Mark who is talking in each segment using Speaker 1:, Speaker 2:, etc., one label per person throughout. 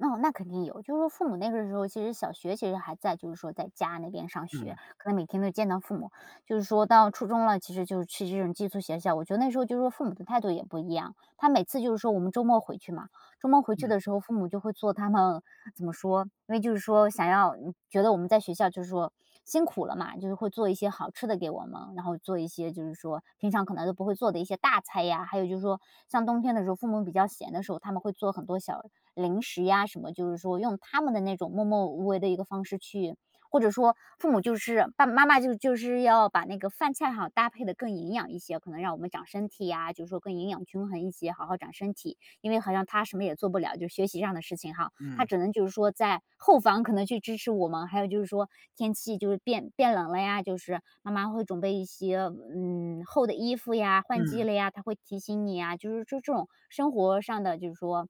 Speaker 1: 哦，那肯定有。就是说父母那个时候其实小学其实还在就是说在家那边上学，
Speaker 2: 嗯。
Speaker 1: 可能每天都见到父母。就是说到初中了，其实就去这种寄宿学校，我觉得那时候就是说父母的态度也不一样。她每次就是说我们周末回去嘛。周末回去
Speaker 2: 嗯。
Speaker 1: 的时候，父母就会做他们怎么说，因为就是说想要觉得我们在学校就是说辛苦了嘛，就是会做一些好吃的给我们，然后做一些就是说平常可能都不会做的一些大菜呀，还有就是说像冬天的时候，父母比较闲的时候，他们会做很多小零食呀什么，就是说用他们的那种默默无闻的一个方式去或者说父母就是爸爸妈妈就就是要把那个饭菜哈，搭配得更营养一些，可能让我们长身体呀，就是说更营养均衡一些，好好长身体。因为好像她什么也做不了，就学习上的事情哈，她
Speaker 2: 嗯。
Speaker 1: 只能就是说在后方可能去支持我们。还有就是说天气就是变变冷了呀，就是妈妈会准备一些，嗯，厚的衣服呀，换季
Speaker 2: 嗯。
Speaker 1: 了呀，她会提醒你呀，就是这这种生活上的，就是说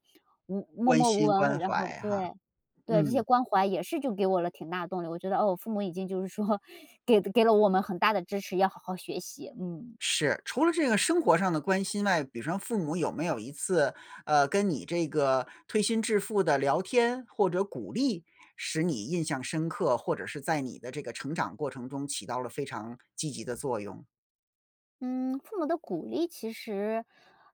Speaker 1: 无默
Speaker 2: 关
Speaker 1: 默无
Speaker 2: 心、关
Speaker 1: 闻，然后
Speaker 2: 怀哈，
Speaker 1: 对，对，这些
Speaker 2: 嗯。
Speaker 1: 关怀也是就给我了挺大动力，我觉得，哦，我父母已经就是说给给了我们很大的支持，要好好学习，嗯。
Speaker 2: 是，除了这个生活上的关心外，比如说父母有没有一次，呃，跟你这个推心置腹地聊天，或者鼓励，使你印象深刻，或者是在你的这个成长过程中起到了非常积极的作用？
Speaker 1: 嗯，父母的鼓励其实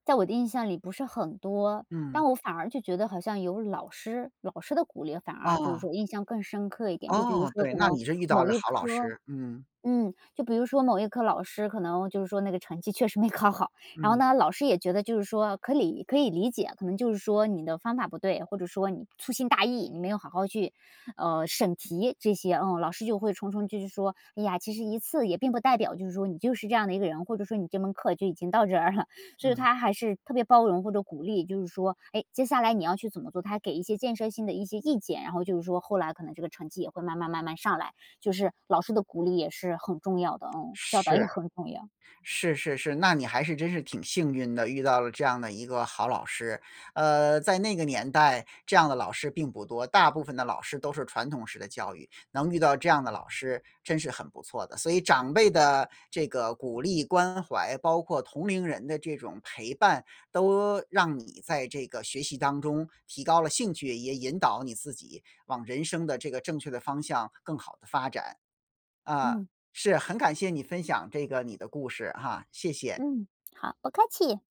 Speaker 1: 在我的印象里不是很多。但
Speaker 2: 嗯。
Speaker 1: 我反而就觉得好像有老师，老师的鼓励反而就是
Speaker 2: 啊。
Speaker 1: 说印象更深刻一点。就比如
Speaker 2: 哦，
Speaker 1: 说
Speaker 2: 对，
Speaker 1: 可
Speaker 2: 那
Speaker 1: 能
Speaker 2: 你是遇到
Speaker 1: 某
Speaker 2: 了
Speaker 1: 一
Speaker 2: 好老
Speaker 1: 科
Speaker 2: 师，嗯。
Speaker 1: 嗯，就比如说某一科老师，可能就是说那个成绩确实没考好，然后
Speaker 2: 嗯。
Speaker 1: 呢老师也觉得就是说可以可以理解，可能就是说你的方法不对，或者说你粗心大意，你没有好好去，呃，审题这些。嗯，老师就会重重继续说：“哎呀，其实一次也并不代表就是说你就是这样的一个人，或者说你这门课就已经到这儿了。”所以
Speaker 2: 嗯。
Speaker 1: 他还是特别包容或者鼓励，就是说，哎，接下来你要去怎么做，他还给一些建设性的一些意见。然后就是说后来，可能这个成绩也会慢慢慢慢上来。就是老师的鼓励也是很重要的，嗯，教导也
Speaker 2: 是。
Speaker 1: 很重要。
Speaker 2: 是是是，那你还是真是挺幸运的，遇到了这样的一个好老师。呃，在那个年代，这样的老师并不多，大部分的老师都是传统式的教育，能遇到这样的老师真是很不错的。所以长辈的这个鼓励关怀，包括同龄人的这种陪伴，都让你在这个学习当中提高了兴趣，也引导你自己往人生的这个正确的方向更好地发展。啊，
Speaker 1: 嗯。
Speaker 2: 是，很感谢你分享这个你的故事哈，谢谢。
Speaker 1: 嗯，好，不客气。